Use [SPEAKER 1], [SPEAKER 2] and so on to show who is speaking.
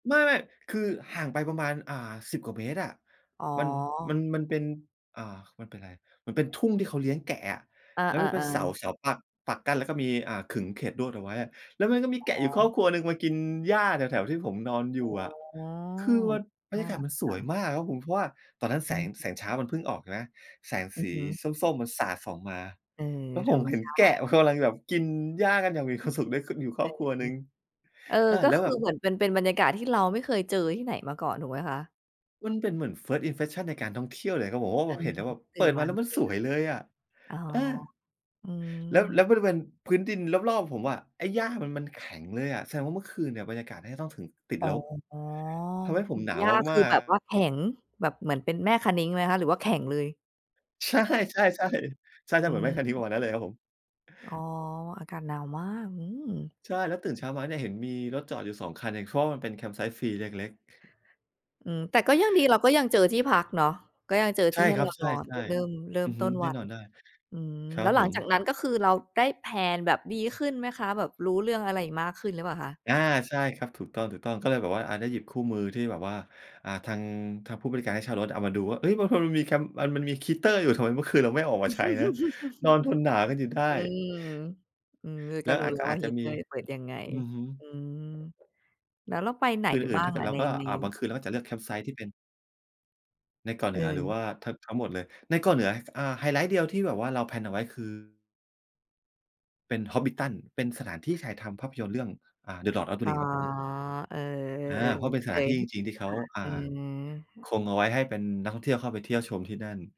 [SPEAKER 1] ไม่ ๆ คือห่างไปประมาณ อ่า 10 กว่าเมตรอะ
[SPEAKER 2] อ๋
[SPEAKER 1] มัน ม
[SPEAKER 2] อ
[SPEAKER 1] ัน มันเป็น อ่า มันเป็นไร มันเป็นทุ่งที่เขาเลี้ยงแกะอะ
[SPEAKER 2] อา
[SPEAKER 1] แล้วมันเป็นเสา
[SPEAKER 2] ๆ ๆ
[SPEAKER 1] เสาปัก ปักกั้นแล้วก็มี อ่า ขึงเขตลวดเอาไว้อะ แล้วมันก็มี
[SPEAKER 2] อ๋
[SPEAKER 1] แกะอยู่ครอบ
[SPEAKER 2] อ
[SPEAKER 1] ครัวหนึ่งมากินหญ้าแถว ๆ ที่ผมนอนอ
[SPEAKER 2] อ
[SPEAKER 1] ย
[SPEAKER 2] ๋อ
[SPEAKER 1] ู่อะ คือมันบร
[SPEAKER 2] น
[SPEAKER 1] รย
[SPEAKER 2] ่า
[SPEAKER 1] ากา
[SPEAKER 2] ร
[SPEAKER 1] ศ
[SPEAKER 2] ัก
[SPEAKER 1] มันส
[SPEAKER 2] จั
[SPEAKER 1] วย
[SPEAKER 2] ง
[SPEAKER 1] มากครับผม เพราะว่าตอนนั้นแ
[SPEAKER 2] อ
[SPEAKER 1] ส
[SPEAKER 2] ื
[SPEAKER 1] ง
[SPEAKER 2] อฮึ
[SPEAKER 1] แสงเช้ามันเพิ่งออกนะ แสง
[SPEAKER 2] อื
[SPEAKER 1] ส
[SPEAKER 2] อ
[SPEAKER 1] ี
[SPEAKER 2] ฮึ
[SPEAKER 1] ส้ม ๆ มันสาดส่องมา
[SPEAKER 2] เออ
[SPEAKER 1] แล้ว
[SPEAKER 2] ธ
[SPEAKER 1] ผ
[SPEAKER 2] ร
[SPEAKER 1] ม
[SPEAKER 2] รม
[SPEAKER 1] เห็
[SPEAKER 2] ช
[SPEAKER 1] น
[SPEAKER 2] า
[SPEAKER 1] แกะ
[SPEAKER 2] ติ
[SPEAKER 1] มันกำลังแบบกินหญ้ากันอย่างมีความสุข ได้ขึ้นอยู่ค
[SPEAKER 2] เอ
[SPEAKER 1] ร
[SPEAKER 2] อ
[SPEAKER 1] อบครัว
[SPEAKER 2] อ
[SPEAKER 1] ห
[SPEAKER 2] ื
[SPEAKER 1] นึ่
[SPEAKER 2] ม
[SPEAKER 1] ง
[SPEAKER 2] เออ
[SPEAKER 1] เออ
[SPEAKER 2] ก็
[SPEAKER 1] แล้ว
[SPEAKER 2] คื
[SPEAKER 1] แบ
[SPEAKER 2] อ
[SPEAKER 1] บ
[SPEAKER 2] เหมือนเป็น เป็นบรรยากาศที่เราไม่เคยเจอที่ไหนมาก่อนถูกไหมคะ?
[SPEAKER 1] มันเป็นเหมือน First Impression ในการท่องเที่ยวเลยก็บอกว่า โ
[SPEAKER 2] อ
[SPEAKER 1] อ
[SPEAKER 2] ื
[SPEAKER 1] ้ เ
[SPEAKER 2] ม
[SPEAKER 1] ห็นแล้วแบบ
[SPEAKER 2] ตื
[SPEAKER 1] เป
[SPEAKER 2] ่
[SPEAKER 1] ิ
[SPEAKER 2] น
[SPEAKER 1] ด
[SPEAKER 2] ม
[SPEAKER 1] ม
[SPEAKER 2] า
[SPEAKER 1] าแล้
[SPEAKER 2] นี
[SPEAKER 1] ว
[SPEAKER 2] ่
[SPEAKER 1] มัน
[SPEAKER 2] เจอ
[SPEAKER 1] ส
[SPEAKER 2] แบ
[SPEAKER 1] วยเลยอะ
[SPEAKER 2] บ อ๋อ
[SPEAKER 1] เออ
[SPEAKER 2] อืม
[SPEAKER 1] แล้ว แล้วบริเวณพื้นดินรอบ ๆ ผมอะ ไอ้หญ้ามัน มันแข็งเลยอะ แสดงว่าเมื่อคืนเนี่ยบรรยากาศเนี่ยก็ต้องถึงติด
[SPEAKER 2] อ๋อ
[SPEAKER 1] ลบ
[SPEAKER 2] อ
[SPEAKER 1] ทำให้ผ
[SPEAKER 2] ื
[SPEAKER 1] ม
[SPEAKER 2] ม
[SPEAKER 1] หนา
[SPEAKER 2] ห
[SPEAKER 1] ว
[SPEAKER 2] ญ้าค
[SPEAKER 1] ม
[SPEAKER 2] ื
[SPEAKER 1] า
[SPEAKER 2] อ
[SPEAKER 1] ก
[SPEAKER 2] แบบว่
[SPEAKER 1] ๆ
[SPEAKER 2] าแข็ง แบบเหมือนเป็นแม่คะนิ้งไหมคะหรือว่าแข็งเลย?
[SPEAKER 1] ใช่ ๆ ๆ ใช่
[SPEAKER 2] อื
[SPEAKER 1] ๆ เหมือนแ
[SPEAKER 2] ม
[SPEAKER 1] ม่คะนิ้งประมาณนั้นเลยครับผม
[SPEAKER 2] อ๋อ อากาศหนาวมาก อืม
[SPEAKER 1] ใช่ แล้วตื่นเช้ามาเนี่ย เห็นมีรถจอดอยู่ 2 คันเอง เพราะว่ามันเป็นแคมป์ไซต์ฟรีเล็ก ๆ
[SPEAKER 2] อือ แต่ก็ยังดี เราก็ยังเจอที่พักเนาะ ก็ยังเจอ
[SPEAKER 1] ใช
[SPEAKER 2] ที
[SPEAKER 1] ่
[SPEAKER 2] ่ให้
[SPEAKER 1] ครั
[SPEAKER 2] เร
[SPEAKER 1] บ
[SPEAKER 2] า
[SPEAKER 1] ใช
[SPEAKER 2] นอน
[SPEAKER 1] ่
[SPEAKER 2] เริ่ม เริ
[SPEAKER 1] ๆ
[SPEAKER 2] ่
[SPEAKER 1] อื
[SPEAKER 2] ม
[SPEAKER 1] อฮ
[SPEAKER 2] ต
[SPEAKER 1] ึ
[SPEAKER 2] ้น
[SPEAKER 1] แ
[SPEAKER 2] ว
[SPEAKER 1] น่
[SPEAKER 2] ั
[SPEAKER 1] น
[SPEAKER 2] น
[SPEAKER 1] อนได้
[SPEAKER 2] อืม
[SPEAKER 1] ครั
[SPEAKER 2] แล
[SPEAKER 1] บ
[SPEAKER 2] ้วห
[SPEAKER 1] ผ
[SPEAKER 2] ลังจา
[SPEAKER 1] ม
[SPEAKER 2] กนั้นก็คือเราได้ แพลน แบบดีขึ้นไหมคะ? แบบรู้เรื่องอะไรมากขึ้นหรือเปล่าคะ?
[SPEAKER 1] อา ใช่ครับ ถูกต้อง ๆ ก็เลยแบบว่า อา ได้หยิบคู่มือที่แบบว่า อ่า ทาง ทางผู้บริการให้เช่ารถเอามาดูว่า เฮ้ย บางคนมันมีแคมป์ อ่า มันมีฮีตเตอร์อยู่ ทำไมเมื่อคืนเราไม่เอาออกมาใช้นะ? นอนทนหนาวกันอยู่ได้
[SPEAKER 2] อืม อือ
[SPEAKER 1] แ
[SPEAKER 2] ก
[SPEAKER 1] ล
[SPEAKER 2] ็
[SPEAKER 1] ้ว
[SPEAKER 2] รู้
[SPEAKER 1] อาจ
[SPEAKER 2] แล้
[SPEAKER 1] ก
[SPEAKER 2] ว
[SPEAKER 1] ็
[SPEAKER 2] ว
[SPEAKER 1] อ
[SPEAKER 2] ่
[SPEAKER 1] า
[SPEAKER 2] า
[SPEAKER 1] จ
[SPEAKER 2] ฮ
[SPEAKER 1] จะ
[SPEAKER 2] ิตเ
[SPEAKER 1] ม
[SPEAKER 2] ตอ
[SPEAKER 1] ี
[SPEAKER 2] ร์เปิดยังไง
[SPEAKER 1] อือฮึ
[SPEAKER 2] อืม แล้วเราไปไหน
[SPEAKER 1] คืนอื
[SPEAKER 2] บ
[SPEAKER 1] ่น
[SPEAKER 2] ้า
[SPEAKER 1] ถ้
[SPEAKER 2] ง
[SPEAKER 1] าเกิ
[SPEAKER 2] อ
[SPEAKER 1] ด
[SPEAKER 2] ะ
[SPEAKER 1] เรา
[SPEAKER 2] ใน
[SPEAKER 1] ก็
[SPEAKER 2] ใน
[SPEAKER 1] อะ บางคืนเราก็จะเลือกแคมป์ไซต์ที่เป็น ในเกาะเหนือหรือ
[SPEAKER 2] เออ
[SPEAKER 1] ว่า ท ทั้งหมดเลย? ในเกาะเหนือ อ่า ไฮไลท์เดียวที่แบบว่าเรา แพลน เอาไว้คือ เป็น Hobbiton เป็นสถานที่ถ่ายทำภาพยนตร์เรื่อง อ่า The Lord Of The
[SPEAKER 2] อ๋อ
[SPEAKER 1] Rings ครับผม
[SPEAKER 2] เออ
[SPEAKER 1] อา เพราะ
[SPEAKER 2] ๆ
[SPEAKER 1] เป็น
[SPEAKER 2] ๆ เ
[SPEAKER 1] ส
[SPEAKER 2] ค
[SPEAKER 1] ถานที
[SPEAKER 2] ย
[SPEAKER 1] ่จริง ๆ ที่เขา
[SPEAKER 2] ค่ะ
[SPEAKER 1] อ่า
[SPEAKER 2] อื
[SPEAKER 1] ค
[SPEAKER 2] ม
[SPEAKER 1] งเอาไว้ให้เป็นนักท่องเที่ยวเข้าไปเที่ยวชมที่นั่น